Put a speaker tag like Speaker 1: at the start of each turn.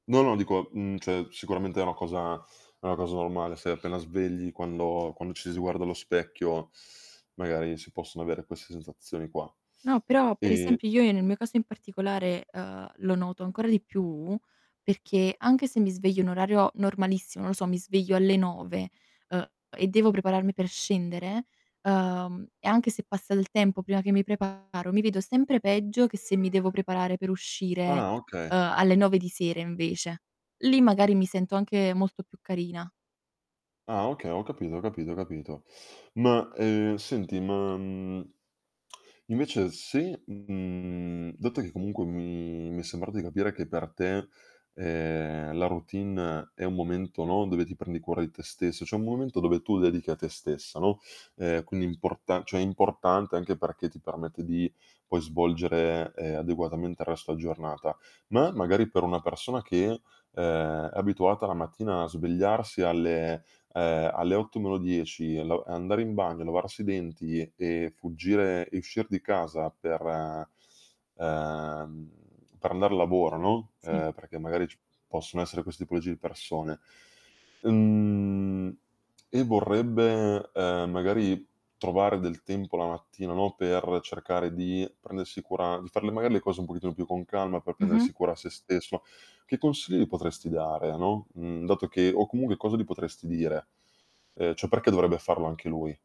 Speaker 1: No, no, dico, mhmm, cioè sicuramente è una cosa è una cosa normale. Si è appena svegli, quando quando ci si guarda allo specchio, magari si possono avere queste sensazioni qua.
Speaker 2: No, però, per
Speaker 1: Ehm
Speaker 2: esempio, io nel mio caso in particolare, uhm, lo noto ancora di più, perché anche se mi sveglio in orario normalissimo, non lo so, mi sveglio alle 9, uhm, e devo prepararmi per scendere, uhm, e anche se passa il tempo prima che mi preparo, mi vedo sempre peggio che se mi devo preparare per uscire,
Speaker 1: Ah, oka
Speaker 2: uhm, alle 9 di sera invece. Lì magari mi sento anche molto più carina.
Speaker 1: Ah, oka Ho capito, ho capito, ho capito. Ma, uhm, senti, ma, mhmm, invece se mhmm, dato che comunque mi mi è sembrato di capire che per te, ehm, la routine è un momento no, dove ti prendi cura di te stesso, cioè, è un momento dove tu dedichi a te stessa, no, ehm, quindi è importa cioè, è importante anche perché ti permette di, poi, svolgere, ehm, adeguatamente il resto giornata. Ma è magari per una persona che, uhm, è abituata la mattina a svegliarsi alle uhm, alle 8 meno 10 e lo e andare in bagno, lavarsi i denti e fuggire e uscir di casa per uhm, per andar a lavoro, no,
Speaker 2: Sì.
Speaker 1: ehm, perché magari ci possono essere queste tipologie di persone. Mhmm, e vorrebbe, uhm, magari trovare del tempo la mattina, no, per cercare di prendersi cura di far le magari, le cose un pochettino più con calma per prendersi
Speaker 2: Mh-mh.
Speaker 1: cura sé stesso. Che consigli potresti dare, no, mhmm, dato che o comunque cosa gli potresti dire? Uhm, cioè perché dovrebbe farlo anche lui?